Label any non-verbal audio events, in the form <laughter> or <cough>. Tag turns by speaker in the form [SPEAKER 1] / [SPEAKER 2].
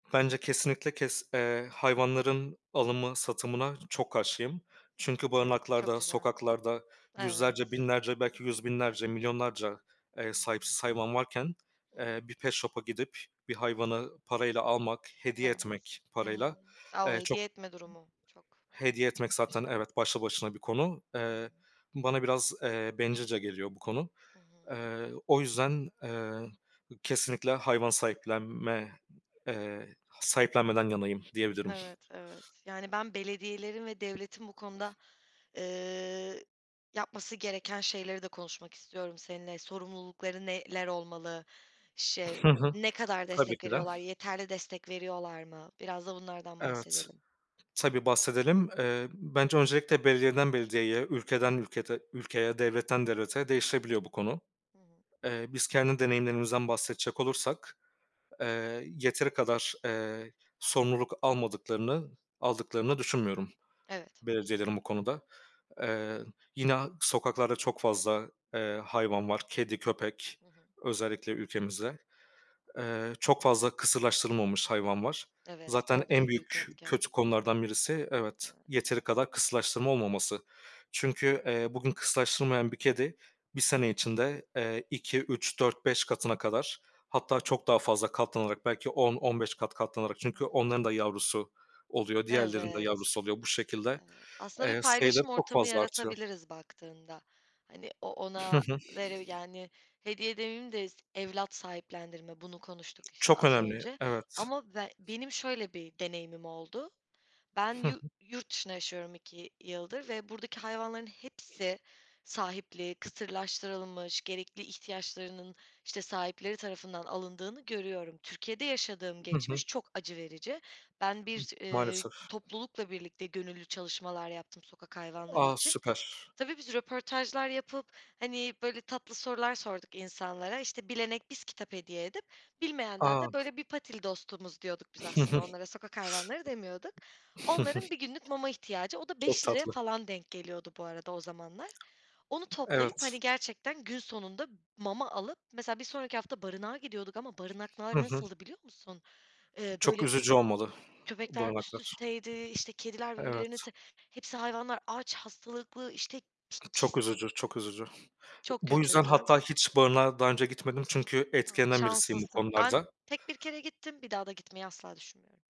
[SPEAKER 1] Bence kesinlikle kes eee, hayvanların alımı, satımına çok karşıyım.
[SPEAKER 2] Hı hı.
[SPEAKER 1] Çünkü
[SPEAKER 2] Çok
[SPEAKER 1] barınaklarda,
[SPEAKER 2] güzel.
[SPEAKER 1] sokaklarda yüzlerce,
[SPEAKER 2] Evet.
[SPEAKER 1] binlerce
[SPEAKER 2] Hı
[SPEAKER 1] belki yüz
[SPEAKER 2] hı.
[SPEAKER 1] binlerce, milyonlarca, eee,
[SPEAKER 2] Hı hı.
[SPEAKER 1] sahipsiz hayvan varken,
[SPEAKER 2] Hı
[SPEAKER 1] eee,
[SPEAKER 2] hı.
[SPEAKER 1] bir pet shop'a gidip bir hayvanı parayla almak, hediye
[SPEAKER 2] Evet.
[SPEAKER 1] etmek
[SPEAKER 2] Hı hı.
[SPEAKER 1] parayla,
[SPEAKER 2] O!
[SPEAKER 1] eee, çok
[SPEAKER 2] Hediye etme durumu çok
[SPEAKER 1] Hediye etmek zaten
[SPEAKER 2] başka.
[SPEAKER 1] evet, başlı başına bir konu.
[SPEAKER 2] Hı hı.
[SPEAKER 1] Eee, bana biraz, eee, bencilce geliyor bu konu.
[SPEAKER 2] Hı hı.
[SPEAKER 1] Eee, o yüzden, eee, kesinlikle hayvan sahiplenme eee, sahiplenmeden yanayım diyebilirim.
[SPEAKER 2] Evet, evet. Yani, ben belediyelerin ve devletin bu konuda, eee, yapması gereken şeyleri de konuşmak istiyorum seninle. Sorumlulukları neler olmalı? Şey,
[SPEAKER 1] Hı hı.
[SPEAKER 2] ne kadar
[SPEAKER 1] Tabii
[SPEAKER 2] destek
[SPEAKER 1] ki de.
[SPEAKER 2] veriyorlar? Yeterli destek veriyorlar mı? Biraz da bunlardan
[SPEAKER 1] Evet,
[SPEAKER 2] bahsedelim.
[SPEAKER 1] tabii bahsedelim. Eee, bence öncelikle belediyeden belediyeye, ülkeden ülkete ülkeye, devletten devlete değişebiliyor bu konu.
[SPEAKER 2] Hı hı.
[SPEAKER 1] Eee, biz kendi deneyimlerimizden bahsedecek olursak, eee, yeteri kadar, eee, sorumluluk almadıklarını, aldıklarını düşünmüyorum
[SPEAKER 2] Evet.
[SPEAKER 1] belediyelerin bu konuda. Eee, yine sokaklarda çok fazla, eee, hayvan var. Kedi, köpek
[SPEAKER 2] Hı hı.
[SPEAKER 1] özellikle ülkemizde. Eee, çok fazla kısırlaştırılmamış hayvan var.
[SPEAKER 2] Evet,
[SPEAKER 1] Zaten
[SPEAKER 2] o
[SPEAKER 1] en
[SPEAKER 2] da büyük
[SPEAKER 1] büyük
[SPEAKER 2] etken.
[SPEAKER 1] kötü konulardan birisi, evet,
[SPEAKER 2] Evet.
[SPEAKER 1] yeteri kadar kısırlaştırma olmaması. Çünkü, eee, bugün kısırlaştırılmayan bir kedi bir sene
[SPEAKER 2] <unintelligible>
[SPEAKER 1] içinde, eee, 2-3-4-5 katına kadar,
[SPEAKER 2] Hı.
[SPEAKER 1] hatta çok daha fazla katlanarak, belki 10-15 kat katlanarak çünkü
[SPEAKER 2] <unintelligible>
[SPEAKER 1] onların da yavrusu oluyor, diğerlerinin de
[SPEAKER 2] Evet,
[SPEAKER 1] yavrusu oluyor. Bu şekilde,
[SPEAKER 2] evet. Aslında bir
[SPEAKER 1] eee, sayıları
[SPEAKER 2] paylaşım
[SPEAKER 1] çok
[SPEAKER 2] ortamı
[SPEAKER 1] fazla artıyor.
[SPEAKER 2] yaratabiliriz baktığında. Hani, o
[SPEAKER 1] Hı
[SPEAKER 2] ona
[SPEAKER 1] hı.
[SPEAKER 2] veri yani, hediye demeyeyim de evlat sahiplendirme, bunu konuştuk, işte,
[SPEAKER 1] Çok
[SPEAKER 2] az
[SPEAKER 1] önemli,
[SPEAKER 2] önce.
[SPEAKER 1] evet.
[SPEAKER 2] Ama be benim şöyle bir deneyimim oldu. Ben
[SPEAKER 1] Hı hı.
[SPEAKER 2] yu yurt dışında yaşıyorum 2 yıldır ve buradaki hayvanların hepsi sahipli, kısırlaştırılmış, gerekli ihtiyaçlarının, işte, sahipleri tarafından alındığını görüyorum. Türkiye'de yaşadığım
[SPEAKER 1] Hı hı.
[SPEAKER 2] geçmiş çok acı verici. Ben bir, eee,
[SPEAKER 1] Maalesef.
[SPEAKER 2] toplulukla birlikte gönüllü çalışmalar yaptım sokak hayvanları
[SPEAKER 1] A!
[SPEAKER 2] için.
[SPEAKER 1] Süper.
[SPEAKER 2] Tabii, biz röportajlar yapıp, hani, böyle tatlı sorular sorduk insanlara. İşte, bilene biz kitap hediye edip bilmeyenden
[SPEAKER 1] A.
[SPEAKER 2] de, böyle, bir patili dostumuz diyorduk biz
[SPEAKER 1] Hı
[SPEAKER 2] aslında
[SPEAKER 1] hı.
[SPEAKER 2] onlara, sokak hayvanları demiyorduk. Onların bir günlük mama ihtiyacı,
[SPEAKER 1] <chuckles>
[SPEAKER 2] o da
[SPEAKER 1] Çok
[SPEAKER 2] ₺5'ya
[SPEAKER 1] tatlı.
[SPEAKER 2] falan denk geliyordu bu arada o zamanlar. Onu toplayıp, hani,
[SPEAKER 1] Evet.
[SPEAKER 2] gerçekten gün sonunda mama alıp, mesela, bir sonraki hafta barınağa gidiyorduk ama barınaklar
[SPEAKER 1] Hı hı.
[SPEAKER 2] nasıldı, biliyor musun? Eee,
[SPEAKER 1] Çok
[SPEAKER 2] böyle
[SPEAKER 1] üzücü olmalı <exhales>
[SPEAKER 2] köpekler üst
[SPEAKER 1] barınaklar.
[SPEAKER 2] üsteydi, işte, kediler birbirlerini te
[SPEAKER 1] Evet.
[SPEAKER 2] hepsi hayvanlar aç, hastalıklı, işte, ki
[SPEAKER 1] Çok
[SPEAKER 2] kis
[SPEAKER 1] üzücü, çok üzücü.
[SPEAKER 2] Çok
[SPEAKER 1] Bu yüzden
[SPEAKER 2] kötüydü.
[SPEAKER 1] hatta hiç barınağa daha önce gitmedim. Çünkü
[SPEAKER 2] A,
[SPEAKER 1] etkilenen birisiyim bu
[SPEAKER 2] şanslısın. Ben
[SPEAKER 1] konularda.
[SPEAKER 2] tek 1 kere gittim. Bir daha da gitmeyi asla düşünmüyorum.